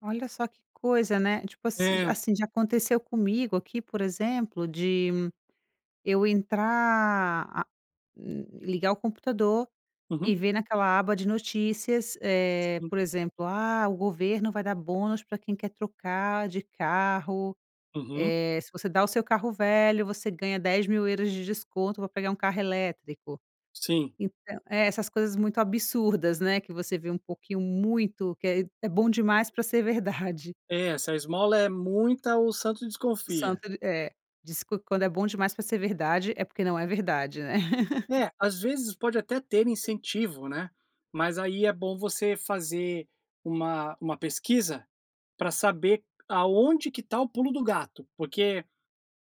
Olha só que coisa, né. Tipo assi É. assim, já aconteceu comigo aqui, por exemplo, de eu entrar a li ligar o computador e Uhum. ver naquela aba de notícias, eh, Hum. por exemplo: "Ah, o governo vai dar bônus para quem quer trocar de carro. Uhum. Eh, se você dá o seu carro velho, você ganha 10.000€ de desconto para pegar 1 carro elétrico". Sim. Então É essas coisas muito absurdas, né, que você vê um pouquinho muito que é é bom demais para ser verdade. É, se a esmola é muita "o santo O desconfia". santo ele É. Diz: "Quan quando é bom demais para ser verdade, é porque não é verdade", né? É, às vezes, pode até ter incentivo, né, mas aí é bom você fazer uma uma pesquisa, para saber aonde que está o "pulo do gato", porque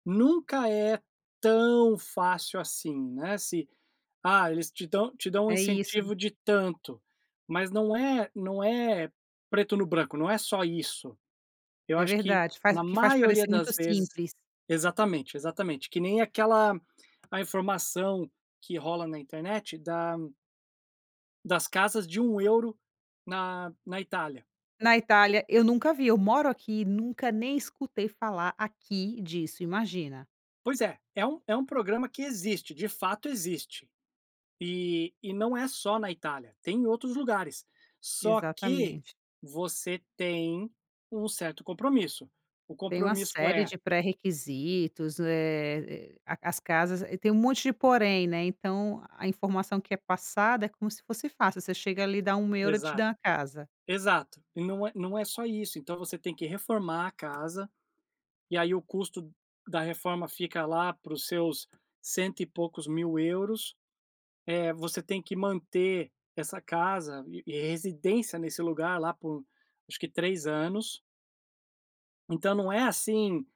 nunca é tão fácil assim, né, se: "Ah, eles te dão te dão um É isso. incentivo de tanto", mas não é não é "preto no branco", não é só isso. Eu É acho que, verdade, faz na que faz maioria parecer das muito vezes simples. Exatamente, exatamente. Que nem aquela a informação que rola na internet da das casas de 1€ na na Itália. Na Itália, eu nunca vi. Eu moro aqui. Nunca nem escutei falar aqui disso, imagina. Pois é. É um é um programa que existe, de fato existe. E e não é só na Itália, tem em outros lugares. Só que Exatamente. você tem um certo compromisso. O Tem uma compromisso com série É. de pré-requisitos, eh eh, a as casas e tem um monte de "porém", né, então a informação que é passada é como se fosse fácil: você chega ali, dá 1€, ele te dá Exato. uma casa. Exato, e não é não é só isso. Então, você tem que reformar a casa, e aí o custo da reforma fica lá para os seus cento e poucos mil euros. Eh, você tem que manter essa casa e e residência nesse lugar lá por, acho que 3 anos. Então não é assim: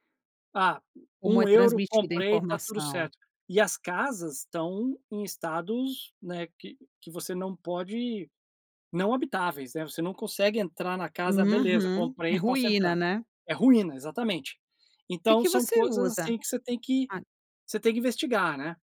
"Ah, Como um é euro, transmitida a comprei, tá tudo informação. certo". E as casas estão em estados, né, que que você não pode não habitáveis, né. Você não consegue entrar na casa: "Beleza, Uhum. É comprei e posso ruína, entrar". né. É ruína, exatamente. Que Então que são você coisas usa? assim que você tem que, Ah. você tem que investigar, né.